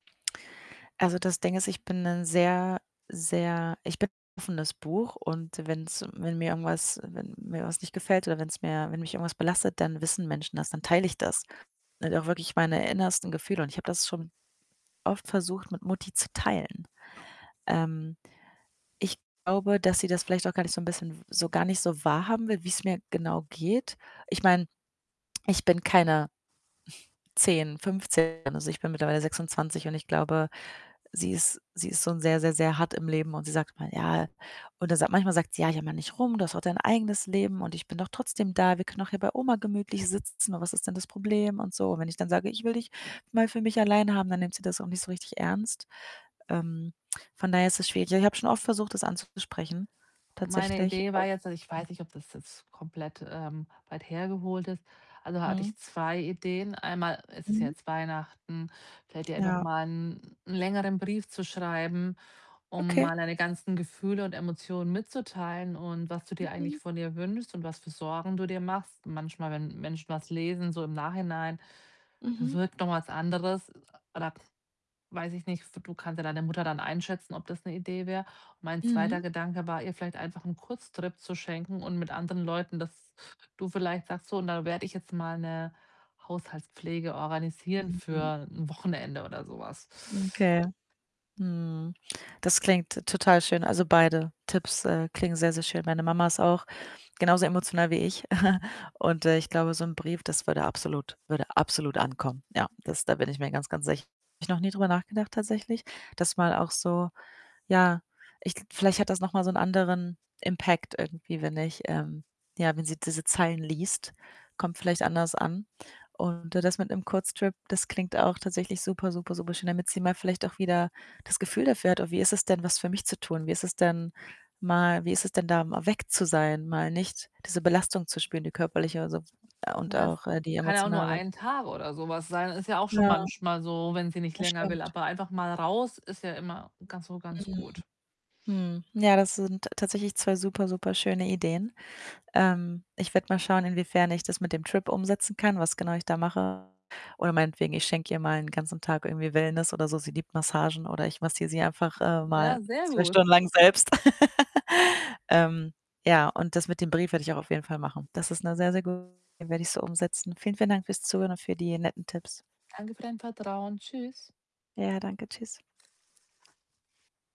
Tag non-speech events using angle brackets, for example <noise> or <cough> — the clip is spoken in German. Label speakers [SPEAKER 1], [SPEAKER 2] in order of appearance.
[SPEAKER 1] Also, das Ding ist, ich bin ’n sehr, sehr ich bin ’n offenes Buch und wenn’s wenn mir irgendwas wenn mir was nicht gefällt oder wenn’s mir wenn mich irgendwas belastet, dann wissen Menschen das, dann teile ich das. Und auch wirklich meine innersten Gefühle, und ich habe das schon oft versucht, mit Mutti zu teilen. Ähm, ich glaube, dass sie das vielleicht auch gar nicht so ’n bisschen so gar nicht so wahrhaben will, wie’s mir genau geht. Ich meine, ich bin keine <snorts> 10, 15, also ich bin mittlerweile 26 und ich glaube, sie ist sie ist schon sehr, sehr, sehr hart im Leben und sie sagt immer: „Ja“ und dann sagt manchmal sagt sie: „Ja, jammer nicht rum, du hast doch dein eigenes Leben und ich bin doch trotzdem da. Wir können auch hier bei Oma gemütlich sitzen und was ist denn das Problem?“, und so, und wenn ich dann sage: „Ich will dich mal für mich allein haben”, dann nimmt sie das auch nicht so richtig ernst. Ähm, von daher ist es schwierig. Ja, ich habe schon oft versucht, das anzusprechen
[SPEAKER 2] Meine
[SPEAKER 1] tatsächlich.
[SPEAKER 2] Idee war jetzt also ich
[SPEAKER 1] <unintelligible>
[SPEAKER 2] weiß nicht, ob das jetzt komplett, ähm, weit hergeholt ist, also da hatte
[SPEAKER 1] Mhm.
[SPEAKER 2] ich 2 Ideen, einmal, es ist ja
[SPEAKER 1] Mhm.
[SPEAKER 2] jetzt Weihnachten, vielleicht ihr einfach
[SPEAKER 1] Ja.
[SPEAKER 2] mal ’n längeren Brief zu schreiben, um
[SPEAKER 1] Okay.
[SPEAKER 2] mal deine ganzen Gefühle und Emotionen mitzuteilen und was du dir eigentlich
[SPEAKER 1] Mhm.
[SPEAKER 2] von ihr wünschst und was für Sorgen du dir machst. Manchmal, wenn Menschen was lesen, so im Nachhinein
[SPEAKER 1] Mhm.
[SPEAKER 2] bewirkt noch was anderes oder weiß ich nicht, du kannst ja deine Mutter dann einschätzen, ob das ’ne Idee wär. Mein
[SPEAKER 1] Mhm.
[SPEAKER 2] zweiter Gedanke war, ihr vielleicht einfach ’n Kurztrip zu schenken und mit anderen Leuten, dass du vielleicht sagst: „So, und da werde ich jetzt mal ’ne Haushaltspflege organisieren
[SPEAKER 1] Mhm.
[SPEAKER 2] für ’n Wochenende oder so was.“
[SPEAKER 1] Okay. Mhm. Das klingt t total schön, also beide Tipps, äh, klingen sehr, sehr schön. Meine Mama ist auch genauso emotional wie ich <chuckles> und, äh, ich glaube, so ’n Brief, das würde absolut würde absolut ankommen. Ja, das da bin ich mir ganz, ganz sicher. Habe ich noch nie drüber nachgedacht tatsächlich, dass mal auch so ja, ich vielleicht hat das noch mal so ’n anderen Impact irgendwie, wenn ich, ähm, ja wenn sie diese Zeilen liest, kommt vielleicht anders an. Und das mit ’nem Kurztrip, das klingt auch tatsächlich super, super, super schön, damit sie mal vielleicht auch wieder das Gefühl dafür hat: „Oh, wie ist es denn, was für mich zu tun? Wie ist es denn mal wie ist es denn da mal weg zu sein? Mal nicht diese Belastung zu spüren, die körperliche und sons und
[SPEAKER 2] Das
[SPEAKER 1] auch, äh, die
[SPEAKER 2] kann ja auch nur
[SPEAKER 1] emotionale.”
[SPEAKER 2] einen Tag oder so was sein. Ist ja auch schon
[SPEAKER 1] Ja.
[SPEAKER 2] manchmal so, wenn sie nicht länger will,
[SPEAKER 1] Bestimmt.
[SPEAKER 2] aber einfach mal raus ist ja immer ganz so ganz
[SPEAKER 1] Mhm,
[SPEAKER 2] gut.
[SPEAKER 1] mhm. Ja, das sind tatsächlich 2 super, super schöne Ideen. Ähm, ich werde mal schauen, inwiefern ich das mit dem Trip umsetzen kann, was genau ich da mache. Oder meinetwegen, ich schenke ihr mal 'n ganzen Tag irgendwie Wellness oder so, sie liebt Massagen oder ich massiere sie einfach, äh, mal
[SPEAKER 2] Ja, sehr
[SPEAKER 1] 2
[SPEAKER 2] gut.
[SPEAKER 1] Stunden lang selbst. <laughs> Ähm, ja, und das mit dem Brief werde ich auch auf jeden Fall machen. Das ist ’ne sehr, sehr <unintelligible> den werde ich so umsetzen, vielen, vielen Dank fürs Zuhören und für die netten Tipps.
[SPEAKER 2] Danke für dein Vertrauen. Tschüss.
[SPEAKER 1] Ja, danke, tschüss.